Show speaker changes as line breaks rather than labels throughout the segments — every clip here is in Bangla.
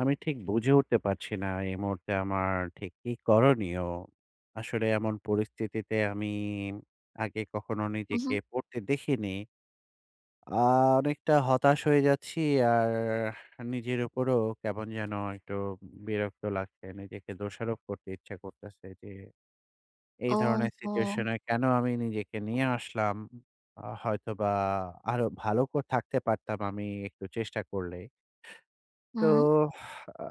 আমি ঠিক বুঝে উঠতে পারছি না এ মুহূর্তে আমার ঠিক কি করণীয়? আসলে এমন পরিস্থিতিতে আমি আগে কখনো নিজেকে
মহুম।
পড়তে দেখিনি। আ অনেকটা হতাশ হয়ে যাচ্ছি। আর নিজের উপরও কেমন যেনো একটু বিরক্ত লাগছে। নিজেকে দোষারোপ করতে ইচ্ছা করতেছে যে, এই ধরনের
ওহো!
সিচুয়েশনে কেনো আমি নিজেকে নিয়ে আসলাম? আ হয়তোবা আরো ভালো ক থাকতে পারতাম আমি একটু চেষ্টা করলে। তো
হুম।
আ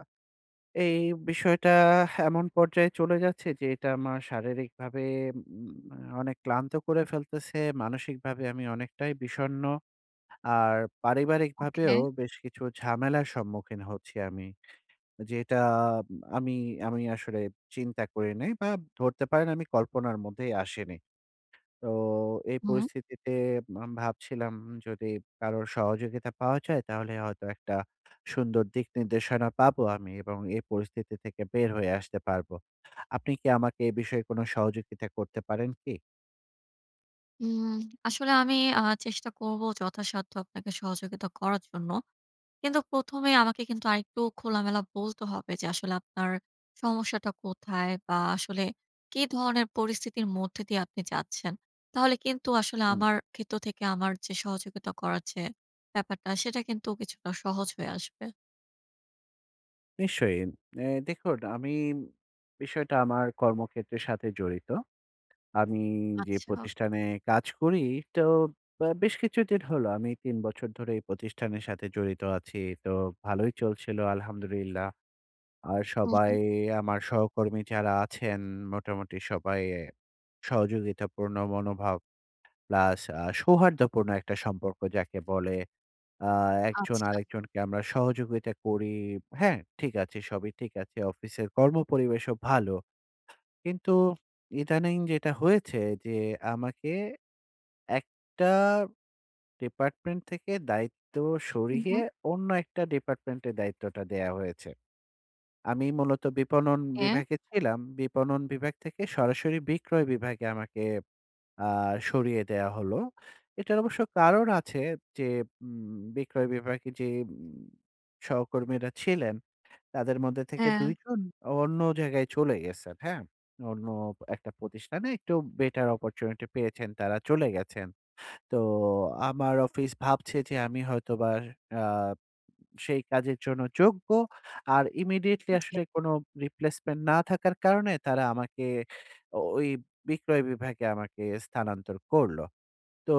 এই বিষয়টা এমন পর্যায়ে চলে যাচ্ছে যে, এটা আমার শারীরিকভাবে উম মানে অনেক ক্লান্ত করে ফেলতেছে। মানসিকভাবে আমি অনেকটাই বিষণ্ণ। আর
ওকে।
পারিবারিকভাবেও বেশ কিছু ঝামেলার সম্মুখীন হচ্ছি আমি। যেটা আমি, আমি আসলে চিন্তা করি নাই বা ধরতে পারেন আমি কল্পনার মধ্যেই আসেনি। তো এই
হুম।
পরিস্থিতিতে আম ভাবছিলাম যদি কারো সহযোগিতা পাওয়া যায়, তাহলে হয়তো একটা সুন্দর দিক-নির্দেশনা পাবো আমি এবং এ পরিস্থিতি থেকে বের হয়ে আসতে পারবো। আপনি কি আমাকে এ বিষয়ে কোনো সহযোগিতা করতে পারেন কি?
উম আসলে আমি আ চেষ্টা করবো যথাসাধ্য আপনাকে সহযোগিতা করার জন্য। কিন্তু ১ম এ আমাকে কিন্তু আরেকটু খোলামেলা বলতে হবে যে আসলে আপনার সমস্যাটা কোথায় বা আসলে কি ধরনের পরিস্থিতির মধ্যে দিয়ে আপনি যাচ্ছেন? তাহলে কিন্তু আসলে
হুম।
আমার ক্ষেত্র থেকে আমার যে সহযোগিতা করার যে ব্যাপারটা সেটা কিন্তু কিছুটা সহজ হয়ে আসবে।
নিশ্চয়ই। এ্যা দেখুন আমি বিষয়টা আমার কর্মক্ষেত্রের সাথে জড়িত। আমি যে
আচ্ছা।
প্রতিষ্ঠানে কাজ করি, তো ব্য বেশ কিছুদিন হলো; আমি ৩ বছর ধরে এই প্রতিষ্ঠানের সাথে জড়িত আছি। তো ভালোই চলছিলো আলহামদুলিল্লাহ। আর
হু, হু।
সবাই আমার সহকর্মী যারা আছেন মোটামুটি সবাই সহযোগিতাপূর্ণ মনোভাব প্লাস আ সৌহার্দ্যপূর্ণ একটা সম্পর্ক যাকে বলে। আ একজন
আচ্ছা।
আরেকজনকে আমরা সহযোগিতা করি। হ্যাঁ। ঠিক আছে সবই ঠিক আছে। অফিসের কর্মপরিবেশও ভালো। কিন্তু ইদানিং যেটা হয়েছে যে আমাকে ১ টা ডিপার্টমেন্ট থেকে দায়িত্ব
উ
সরিয়ে
হুম।
অন্য একটা ডিপার্টমেন্টে দায়িত্বটা দেয়া হয়েছে। আমি মূলত বিপণন
হ্যাঁ।
বিভাগে ছিলাম। বিপণন বিভাগ থেকে সরাসরি বিক্রয় বিভাগে আমাকে আ সরিয়ে দেয়া হলো। এটার অবশ্য কারণ আছে যে, ম্ম বিক্রয় বিভাগে যে সহকর্মীরা ছিলেন, তাদের মধ্যে থেকে
হ্যাঁ।
২ জন অন্য জায়গায় চলে গেছেন, হ্যাঁ। অন্য একটা প্রতিষ্ঠানে একটু বেটার opportunity পেয়েছেন তারা চলে গেছেন। তো আমার অফিস ভাবছে যে আমি হয়তোবা আ সেই কাজের জন্য যোগ্য। আর Immediately
জি।
আসলে কোনো Replacement না থাকার কারণে তারা আমাকে ও ঐ বিক্রয় বিভাগে আমাকে স্থানান্তর করলো। তো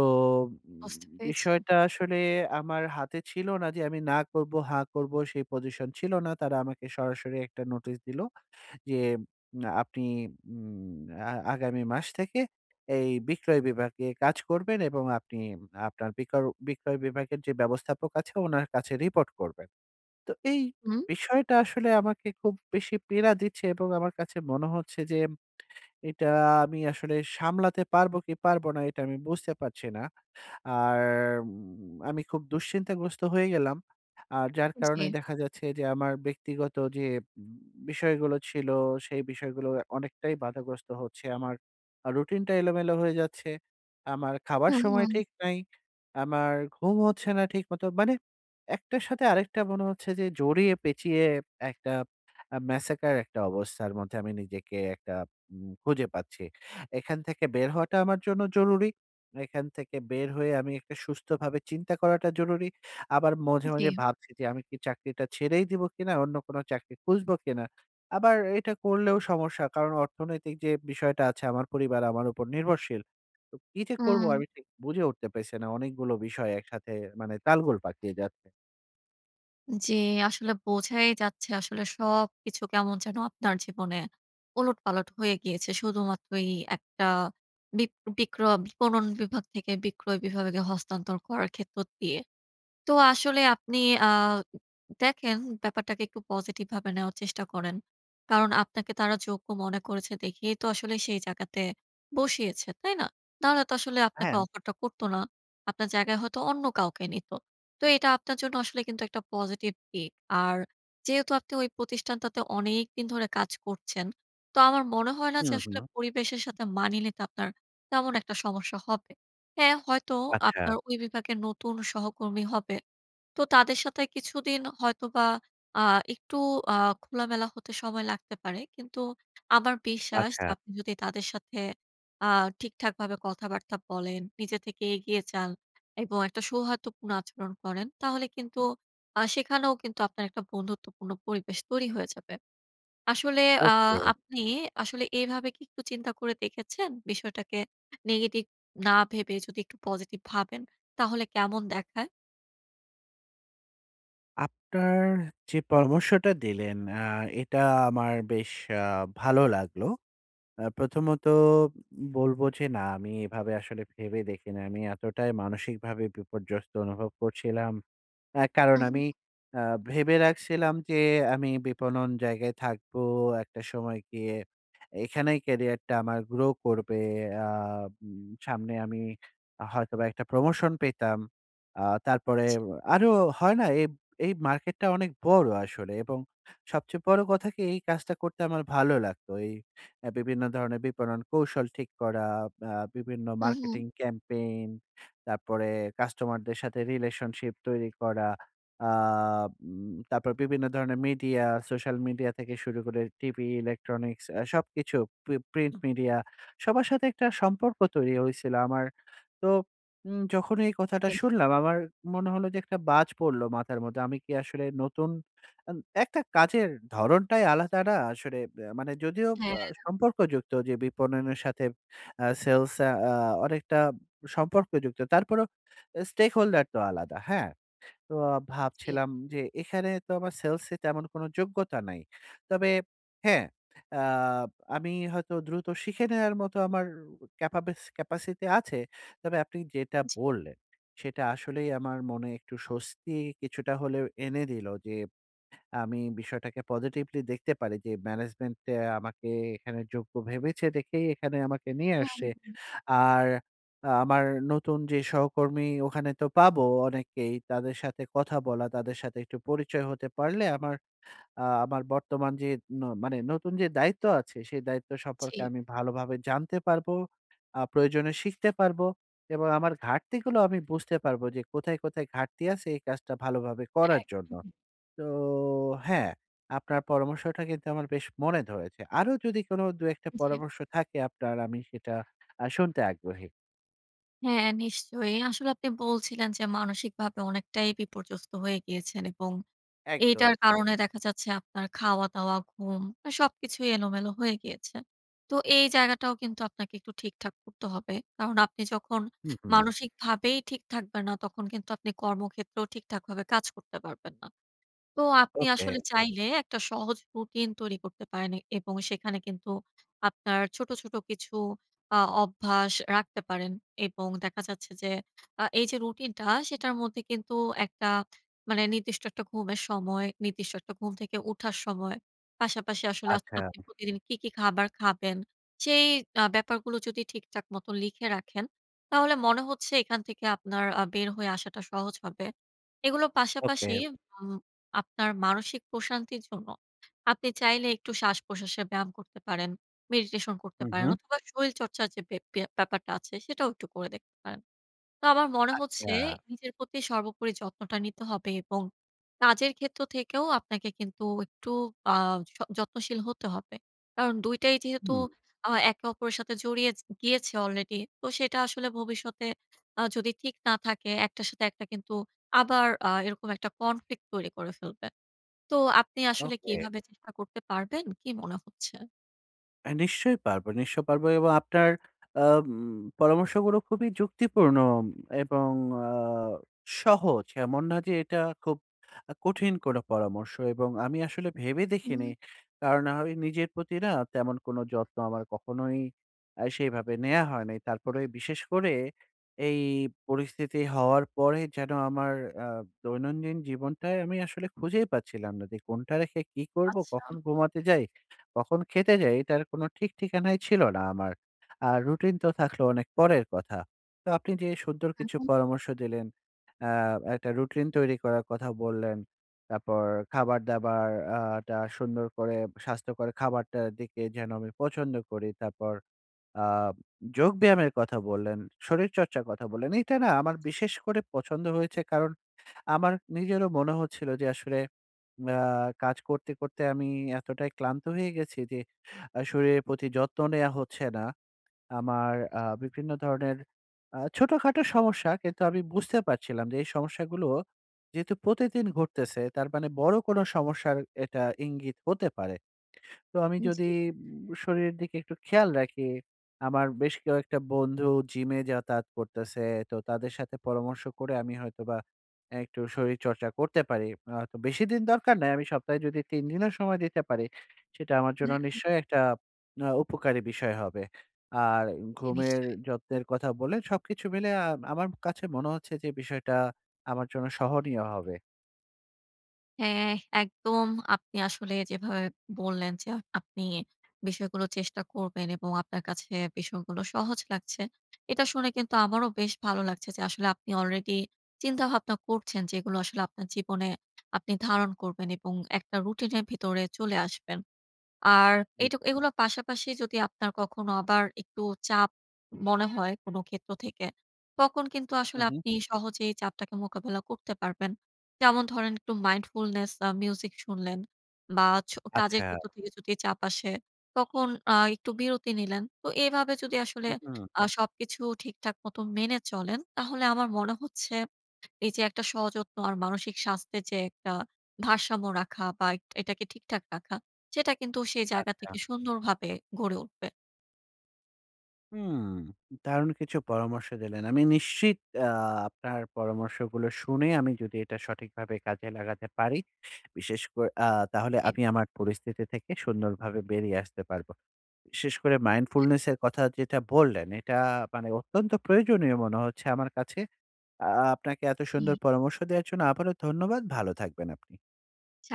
বুঝতে পেয়েছে।
বিষয়টা আসলে আমার হাতে ছিল না যে, আমি না করবো, হা করবো সেই পজিশন ছিল না। তারা আমাকে সরাসরি একটা নোটিশ দিলো, যে আপনি উম আ আগামী মাস থেকে এই বিক্রয় বিভাগে কাজ করবেন এবং আপনি আপনার বিকল বিক্রয় বিভাগের যে ব্যবস্থাপক আছে উনার কাছে রিপোর্ট করবেন। তো এই
হুম।
বিষয়টা আসলে আমাকে খুব বেশি পীড়া দিচ্ছে এবং আমার কাছে মনে হচ্ছে যে, এটা আমি আসলে সামলাতে পারবো কি পারব না; এটা আমি বুঝতে পারছি না। আর আমি খুব দুশ্চিন্তাগ্রস্ত হয়ে গেলাম। আর যার কারণে
জি।
দেখা যাচ্ছে যে, আমার ব্যক্তিগত যে বিষয়গুলো ছিল, সেই বিষয়গুলো অনেকটাই বাধাগ্রস্ত হচ্ছে। আমার আ রুটিনটা এলোমেলো হয়ে যাচ্ছে। আমার খাবার
হুম,
সময়
হুম।
ঠিক নাই। আমার ঘুম হচ্ছে না ঠিক মতো। মানে ১ টার সাথে আরেকটা মনে হচ্ছে যে জড়িয়ে, পেঁচিয়ে একটা আ Massacre একটা অবস্থার মধ্যে আমি নিজেকে একটা উ খুঁজে পাচ্ছি। এখান থেকে বের হওয়াটা আমার জন্য জরুরি। এখান থেকে বের হয়ে আমি একটা সুস্থভাবে চিন্তা করাটা জরুরি। আবার মাঝে, মাঝে
জি।
ভাবছি যে আমি কি চাকরিটা ছেড়েই দিবো কিনা? অন্য কোনো চাকরি খুঁজবো কিনা? আবার এটা করলেও সমস্যা। কারণ অর্থনৈতিক যে বিষয়টা আছে আমার পরিবার আমার উপর নির্ভরশীল। তো কি যে করবো
হুম।
আমি ঠিক বুঝে উঠতে পারছি না। অনেকগুলো বিষয় একসাথে মানে তালগোল পাকিয়ে যাচ্ছে।
জি। আসলে বোঝাই যাচ্ছে, আসলে সবকিছু কেমন যেনো আপনার জীবনে ওলটপালট হয়ে গিয়েছে। শুধুমাত্র এই একটা বিপ বিক্র বিপণন বিভাগ থেকে বিক্রয় বিভাগে হস্তান্তর করার ক্ষেত্র দিয়ে। তো আসলে আপনি আ দেখেন, ব্যাপারটাকে একটু পজিটিভভাবে নেওয়ার চেষ্টা করেন। কারণ আপনাকে তারা যোগ্য মনে করেছে দেখেই তো আসলে সেই জায়গাতে বসিয়েছে। তাই না? তাহলে তো আসলে আপনাকে
হ্যাঁ।
অফার টা করত না। আপনার জায়গায় হয়তো অন্য কাউকে নিতো। তো এটা আপনার জন্য আসলে কিন্তু একটা পজিটিভ দিক। আর যেহেতু আপনি ওই প্রতিষ্ঠানটাতে অনেকদিন ধরে কাজ করছেন। তো আমার মনে হয় না
হু,
যে, আসলে
হু।
পরিবেশের সাথে মানিয়ে নিতে আপনার তেমন একটা সমস্যা হবে। হ্যাঁ, হয়তো
আচ্ছা।
আপনার ওই বিভাগের নতুন সহকর্মী হবে। তো তাদের সাথে কিছুদিন হয়তোবা আ একটু আ খোলামেলা হতে সময় লাগতে পারে। কিন্তু আমার বিশ্বাস,
আচ্ছা।
আপনি যদি তাদের সাথে আ ঠিকঠাকভাবে কথাবার্তা বলেন, নিজে থেকে এগিয়ে যান এবং একটা সৌহার্দ্যপূর্ণ আচরণ করেন, তাহলে কিন্তু আ সেখানেও কিন্তু আপনার একটা বন্ধুত্বপূর্ণ পরিবেশ তৈরি হয়ে যাবে। আসলে আ
ওকে।
আপনি আসলে এভাবে কি একটু চিন্তা করে দেখেছেন? বিষয়টাকে নেগেটিভ না ভেবে যদি একটু পজিটিভ ভাবেন, তাহলে কেমন দেখায়?
আপনার যে পরামর্শটা দিলেন আ এটা আমার বেশ আ ভালো লাগলো। আ প্রথমত বলব, যে না আমি এভাবে আসলে ভেবে দেখি নাই। আমি এতটাই মানসিকভাবে বিপর্যস্ত অনুভব করছিলাম। আ কারণ
হু, হু।
আমি আ ভেবে রাখছিলাম যে আমি বিপণন জায়গায় থাকবো। একটা সময় গিয়ে এখানেই কেরিয়ার টা আমার গ্রো করবে। আ উম সামনে আমি হয়তোবা একটা প্রমোশন পেতাম। আ তারপরে,
জি।
আরো হয় না? এই, এই মার্কেটটা অনেক বড় আসলে। এবং সবচেয়ে বড় কথা কি এই কাজটা করতে আমার ভালো লাগতো। এই অ্যা বিভিন্ন ধরনের বিপণন কৌশল ঠিক করা আ বিভিন্ন
হু, হু।
মার্কেটিং campaign তারপরে কাস্টমারদের সাথে রিলেশনশিপ তৈরি করা। আ উম তারপরে বিভিন্ন ধরনের মিডিয়া, সোশ্যাল মিডিয়া থেকে শুরু করে টিভি, Electronics সবকিছু। প্রি প্রিন্ট মিডিয়া সবার সাথে একটা সম্পর্ক তৈরি হয়েছিল আমার। তো উম যখন এই কথাটা
ইয়েপ।
শুনলাম আমার মনে হলো যে একটা বাজ পড়ল মাথার মধ্যে। আমি কি আসলে নতুন উন একটা কাজের ধরনটাই আলাদা না? আসলে অ্যা মানে যদিও
হ্যাঁ।
বা সম্পর্কযুক্ত যে বিপণনের সাথে আ সেলস আ আ অনেকটা সম্পর্কযুক্ত। তারপরেও Stakeholder তো আলাদা। হ্যাঁ, তো
জি।
ভাবছিলাম যে এখানে তো আমার সেলস এ তেমন কোন যোগ্যতা নাই। তবে হ্যাঁ, আ আমি হয়তো দ্রুত শিখে নেওয়ার মতো আমার ক্যাপাব্যাস Capacity আছে। তবে আপনি যেটা
জি।
বললেন সেটা আসলেই আমার মনে একটু স্বস্তি কিছুটা হলেও এনে দিলো। যে আমি বিষয়টাকে Positively দেখতে পারি যে Management এ আমাকে এখানে যোগ্য ভেবেছে দেখেই এখানে আমাকে নিয়ে
হু,
আসছে।
হু।
আর আ আমার নতুন যে সহকর্মী ওখানে তো পাবো অনেকেই তাদের সাথে কথা বলা, তাদের সাথে একটু পরিচয় হতে পারলে আমার আ আমার বর্তমান যে ন মানে নতুন যে দায়িত্ব আছে সেই দায়িত্ব সম্পর্কে
জি।
আমি ভালোভাবে জানতে পারবো। আ প্রয়োজনে শিখতে পারবো, এবং আমার ঘাটতি গুলো আমি বুঝতে পারবো। যে কোথায়, কোথায় ঘাটতি আছে এই কাজটা ভালোভাবে করার জন্য।
একদমই।
তো হ্যাঁ, আপনার পরামর্শটা কিন্তু আমার বেশ মনে ধরেছে। আরো যদি কোন ২ ১ টা
জি।
পরামর্শ থাকে আপনার আমি সেটা আ শুনতে আগ্রহী।
হ্যাঁ, নিশ্চয়ই। আসলে আপনি বলছিলেন যে, মানসিকভাবে অনেকটাই বিপর্যস্ত হয়ে গিয়েছেন। এবং এইটার
একদম।
কারণে দেখা যাচ্ছে আপনার খাওয়া দাওয়া, ঘুম এ সবকিছুই এলোমেলো হয়ে গিয়েছে। তো এই জায়গাটাও কিন্তু আপনাকে একটু ঠিকঠাক করতে হবে। কারণ আপনি যখন
হুম, হুম।
মানসিকভাবেই ঠিক থাকবেন না, তখন কিন্তু আপনি কর্মক্ষেত্রেও ঠিকঠাকভাবে কাজ করতে পারবেন না। তো আপনি
ওকে।
আসলে চাইলে একটা সহজ রুটিন তৈরি করতে পারেন এ এবং সেখানে কিন্তু আপনার ছোট, ছোট কিছু আ অভ্যাস রাখতে পারেন। এবং দেখা যাচ্ছে যে আ এই যে রুটিনটা, সেটার মধ্যে কিন্তু একটা মানে নির্দিষ্ট একটা ঘুমের সময়, নির্দিষ্ট একটা ঘুম থেকে উঠার সময়। পাশাপাশি আসলে আ
আচ্ছা
আপনি প্রতিদিন কী কী খাবার খাবেন? সেই আ ব্যাপারগুলো যদি ঠিকঠাক মত লিখে রাখেন, তাহলে মনে হচ্ছে এখান থেকে আপনার আ বের হয়ে আসাটা সহজ হবে। এগুলো পাশাপাশি
ওকে।
উম আপনার মানসিক প্রশান্তির জন্য আপনি চাইলে একটু শ্বাসপ্রশ্বাসের ব্যায়াম করতে পারেন, মেডিটেশন করতে
হুম,
পারেন
হুম।
অথবা শরীরচর্চার যে বে ব্যাপারটা আছে, সেটাও একটু করে দেখতে পারেন। তো আমার মনে হচ্ছে
আচ্ছা।
নিজের প্রতি সর্বোপরি যত্নটা নিতে হবে এবং কাজের ক্ষেত্র থেকেও আপনাকে কিন্তু একটু আ য যত্নশীল হতে হবে। কারণ ২ টাই যেহেতু
হুম।
আ একে অপরের সাথে জড়িয়ে জি গিয়েছে অলরেডি তো, সেটা আসলে ভবিষ্যতে আ যদি ঠিক না থাকে, একটার সাথে একটা কিন্তু আবার আ এরকম একটা কনফ্লিক্ট তৈরি করে ফেলবে। তো আপনি আসলে কি
ওকে।
এভাবে চেষ্টা করতে পারবেন? কী মনে হচ্ছে?
এ নিশ্চয়ই পারবো, নিশ্চয়ই পারব। এবং আপনার আম পরামর্শগুলো খুবই যুক্তিপূর্ণ এবং আ সহজ। এমন না যে, এটা খুব আ কঠিন কোনো পরামর্শ এবং আমি আসলে ভেবে দেখিনি।
হুম।
কার না, হয় নিজের প্রতি না তেমন কোনো যত্ন আমার কখনোই আ সেইভাবে নেয়া হয় নাই। তারপরে বিশেষ করে এই পরিস্থিতি হওয়ার পরে যেন আমার আ দৈনন্দিন জীবনটায় আমি আসলে বুঝেই পাচ্ছিলাম না যে, কোনটা রেখে কী করবো,
আচ্ছা।
কখন ঘুমাতে যাই, কখন খেতে যাই? এটার কোনো ঠিক ঠিকানাই ছিল না আমার। আ রুটিন তো থাকলো অনেক পরের কথা। তো আপনি যে সুন্দর
হুম,
কিছু
হুম।
পরামর্শ দিলেন আ একটা রুটিন তৈরি করার কথা বললেন। তারপর খাবার দাবার আ টা সুন্দর করে স্বাস্থ্যকর খাবারটার দিকে যেন আমি পছন্দ করি। তারপর আ যোগব্যায়ামের কথা বললেন, শরীরচর্চার কথা বললেন। এটা না আমার
জি।
বিশেষ করে পছন্দ হয়েছে। কারণ আমার নিজেরও মনে হচ্ছিল যে, আসলে মা কাজ করতে, করতে আমি এতটাই ক্লান্ত হয়ে গেছি যে, আ শরীরের প্রতি যত্ন নেয়া হচ্ছে না। আমার আ বিভিন্ন ধরনের আ ছোটখাটো সমস্যা কিন্তু আমি বুঝতে পারছিলাম যে, এই সমস্যাগুলো যেহেতু প্রতিদিন ঘটতেছে, তার মানে বড় কোনো সমস্যার এটা ইঙ্গিত হতে পারে। তো আমি
উম
যদি
জি।
উম শরীরের দিকে একটু খেয়াল রাখি, আমার বেশ কয়েকটা বন্ধু জিমে যাতায়াত করতেছে। তো তাদের সাথে পরামর্শ করে আমি হয়তোবা এ একটু শরীরচর্চা করতে পারি। আ হয়তো বেশি দিন দরকার নাই। আমি সপ্তাহে যদি ৩ দিনও সময় দিতে পারি, সেটা আমার জন্য
হ্যাঁ।
নিশ্চয়ই একটা আ উপকারী বিষয় হবে। আর
জি,
ঘুমের
নিশ্চয়ই।
যত্নের কথা বলে সবকিছু মিলে আ আমার কাছে মনে হচ্ছে যে, বিষয়টা আমার জন্য সহনীয় হবে।
হ্যাঁ, একদম। আপনি আসলে যেভাবে বললেন, যা আপনি বিষয়গুলো চেষ্টা করবেন এবং আপনার কাছে বিষয়গুলো সহজ লাগছে। এটা শুনে কিন্তু আমারও বেশ ভালো লাগছে। যে আসলে আপনি আলরেডি চিন্তাভাবনা করছেন। যে এগুলো আসলে আপনার জীবনে আপনি ধারণ করবেন এবং একটা রুটিনের ভিতরে চলে আসবেন। আর
হুম।
এটুক এগুলো পাশাপাশি যদি আপনার কখনো আবার একটু চাপ মনে হয় কোন ক্ষেত্র থেকে। তখন কিন্তু
হু,
আসলে
হু।
আপনি সহজেই চাপটাকে মোকাবেলা করতে পারবেন। যেমন ধরেন, একটু mindfulness আ মিউজিক শুনলেন বা, ছো কাজের ক্ষেত্র
আচ্ছা।
থেকে যদি চাপ আসে, তখন আ একটু বিরতি নিলেন। তো এভাবে যদি আসলে
হু, হু।
আ সবকিছু ঠিকঠাক মত মেনে চলেন। তাহলে আমার মনে হচ্ছে, এইযে একটা সযত্ন আর মানসিক স্বাস্থ্যের যে একটা ভারসাম্য রাখা বা, এট এটাকে ঠিকঠাক রাখা। সেটা কিন্তু সেই জায়গা
আচ্ছা।
থেকে সুন্দরভাবে গড়ে উঠবে।
হুম, দারুন কিছু পরামর্শ দিলেন। আমি নিশ্চিত আ আপনার পরামর্শগুলো শুনে আমি যদি এটা সঠিকভাবে কাজে লাগাতে পারি, বিশেষ করে আ তাহলে
জী।
আমি আমার পরিস্থিতি থেকে সুন্দরভাবে বেরিয়ে আসতে পারব। বিশেষ করে
জি।
mindfulness এর কথা যেটা বললেন, এটা মানে অত্যন্ত প্রয়োজনীয় মনে হচ্ছে আমার কাছে। য়া আপনাকে এত
হুম।
সুন্দর পরামর্শ দেওয়ার জন্য আবারো ধন্যবাদ। ভালো থাকবেন আপনি।
ছাদ